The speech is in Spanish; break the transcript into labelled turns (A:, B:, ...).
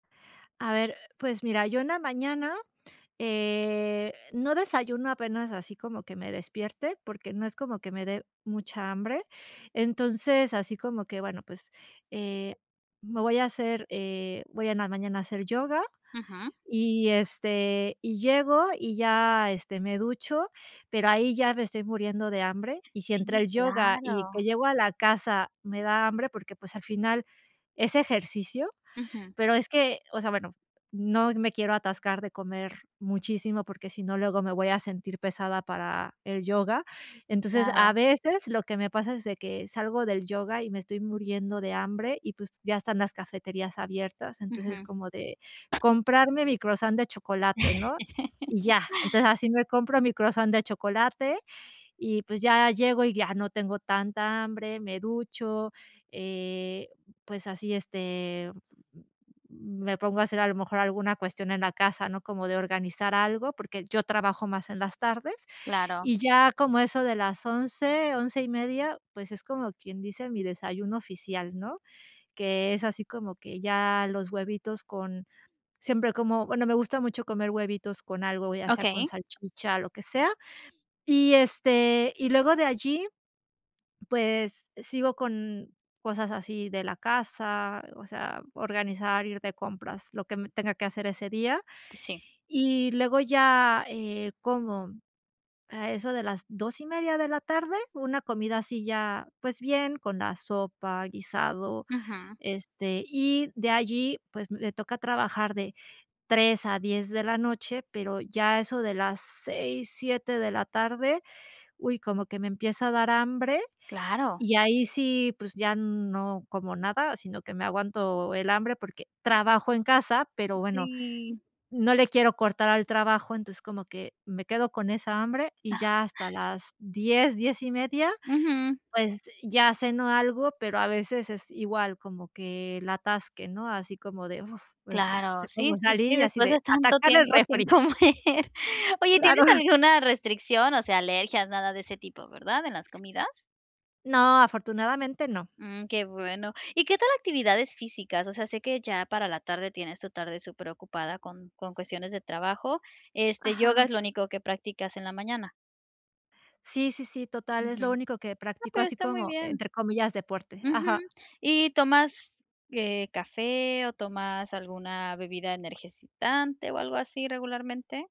A: A ver, pues mira, yo en la mañana, eh, no desayuno apenas así como que me despierte, porque no es como que me dé mucha hambre. Entonces, así como que, bueno, pues, eh, me voy a hacer, eh voy en la mañana a hacer yoga,
B: Ujú.
A: y, este, y llego, y ya, este, me ducho, pero ahí ya me estoy muriendo de hambre. Y si entre
B: Si,
A: el yoga, y
B: claro.
A: que llego a la casa me da hambre, porque, pues, al final, es ejercicio,
B: Ujú.
A: pero es que, o sea, bueno, no me quiero atascar de comer muchísimo, porque si no luego me voy a sentir pesada para el yoga. Entonces, a
B: Claro.
A: veces, lo que me pasa es de que salgo del yoga, y me estoy muriendo de hambre, y pues, ya están las cafeterías abiertas, entonces
B: Ujú.
A: como de comprarme mi croissant de chocolate, ¿no? Y ya. Entonces, así me compro mi croissant de chocolate, y pues, ya llego, y ya no tengo tanta hambre, me ducho, eh, pues así, este me pongo a hacer a lo mejor alguna cuestión en la casa, ¿no? Como de organizar algo, porque yo trabajo más en las tardes.
B: Claro.
A: Y ya como a eso de las 11, 11:30, pues, es como quien dice, mi desayuno oficial, ¿no? Que es así como que ya los huevitos con siempre como bueno, me gusta mucho comer huevitos con algo, ya sea con
B: Okey.
A: salchicha, lo que sea, y, este, y luego de allí, pues, sigo con cosas así de la casa, o sea, organizar, ir de compras, lo que me tenga que hacer ese día,
B: Sí.
A: y luego ya, eh, como, a eso de las 2:30 de la tarde, una comida así ya, pues, bien, con la sopa, guisado,
B: Ujú.
A: este, y de allí, pues, me toca trabajar de 3 a 10 de la noche, pero ya a eso de las 6, 7 de la tarde, uy, como que me empieza a dar hambre,
B: Claro.
A: y ahí sí, pues ya no como nada, sino que me aguanto el hambre, porque trabajo en casa, pero bueno,
B: Si.
A: no le quiero cortar al trabajo. Entonces como que me quedo con esa hambre, y ya hasta las 10, 10:30,
B: Ujú.
A: pues, ya ceno algo, pero a veces es igual, como que el atasque, ¿no? Así como de, uf,
B: Claro, sí,
A: cómo
B: sí, sí,
A: salí y así
B: después de
A: de,
B: tanto
A: atacar el
B: tiempo sin
A: refri.
B: comer.
A: Ay,
B: Oye,
A: claro.
B: ¿tienes alguna restricción? O sea, alergias, nada de ese tipo, ¿verdad? ¿En las comidas?
A: No, afortunadamente, no.
B: Mm, ¡qué bueno! Y, ¿qué tal actividades físicas? O sea, sé que ya para la tarde tienes tu tarde super ocupada con con cuestiones de trabajo. Este, ¿yoga
A: Ajá.
B: es lo único que prácticas en la mañana?
A: Sí, sí, sí, total,
B: Ujú.
A: es lo
B: No,
A: único que practico,
B: pero
A: así
B: está muy
A: como,
B: bien.
A: entre comillas, deporte,
B: Ujú.
A: ajá.
B: Y, ¿tomas, eh, café, o, tomas alguna bebida energizante, o, algo así regularmente?